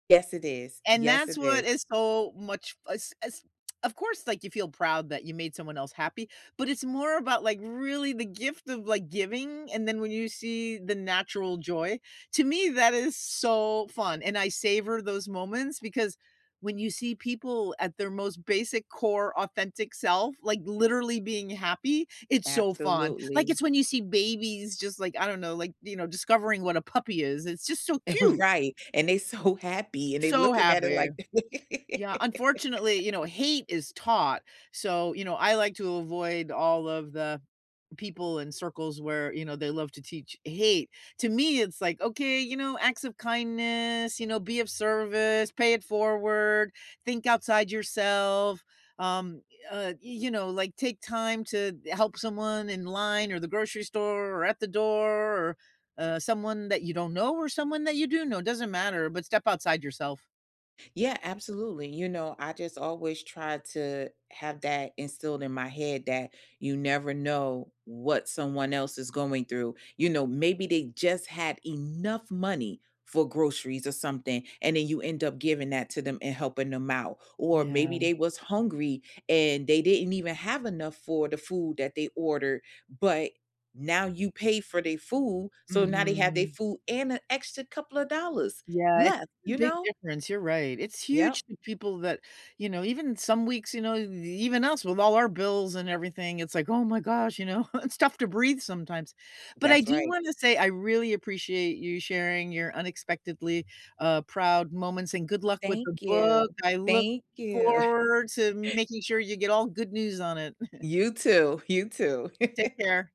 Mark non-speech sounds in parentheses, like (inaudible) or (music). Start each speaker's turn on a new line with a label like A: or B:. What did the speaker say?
A: Yes, it is.
B: And
A: Yes, it
B: that's what
A: is.
B: is so much f as as (tsk) of course, like, you feel proud that you made someone else happy, but it's more about, like, really the gift of, like, giving. And then when you see the natural joy to me, that is so fun. And I savor those moments because when you see people at their most basic core authentic self, like, literally being happy, it's so fun. Like,
A: Absolutely.
B: it's when you see babies just, like, I don't know, like, you know, discovering what a puppy is, it's just so cute.
A: (chuckles) Right. And they so happy, and they
B: So
A: looking at it
B: happy.
A: like
B: Yeah, unfortunately, you know,
A: (laughs)
B: hate is taught. So, you know, I like to avoid all of the people in circles where, you know, they love to teach hate. To me, it's like, okay, you know, acts of kindness, you know, be of service, pay it forward, think outside yourself, um, uh, you know, like, take time to help someone in line or the grocery store or at the door or, uh, someone that you don't know or someone that you do know. It doesn't matter, but step outside yourself.
A: Yeah, absolutely. You know, I just always try to have that instilled in my head that you never know what someone else is going through, you know, maybe they just had enough money for groceries or something. And then you end up giving that to them and helping them out, or maybe
B: Yeah.
A: they was hungry and they didn't even have enough for the food that they ordered, but now you pay for their food. So now they have their
B: Mhm.
A: food and an extra couple of dollars
B: Yeah, it's
A: left,
B: a
A: you
B: big
A: know?
B: difference, you're right. It's
A: Yep.
B: huge to people that, you know, even some weeks, you know, e even us with all our bills and everything, it's like, "Oh my gosh," you know? It's tough to breathe sometimes. But I
A: That's
B: do
A: right.
B: wanna say I really appreciate you sharing your unexpectedly, uh, proud moments, and good luck with the
A: Thank you.
B: book. I look
A: Thank you.
B: forward to
A: (chuckles)
B: making sure you get all good news on it. (chuckles)
A: You too. (chuckles) You too.
B: Take
A: (chuckles)
B: care.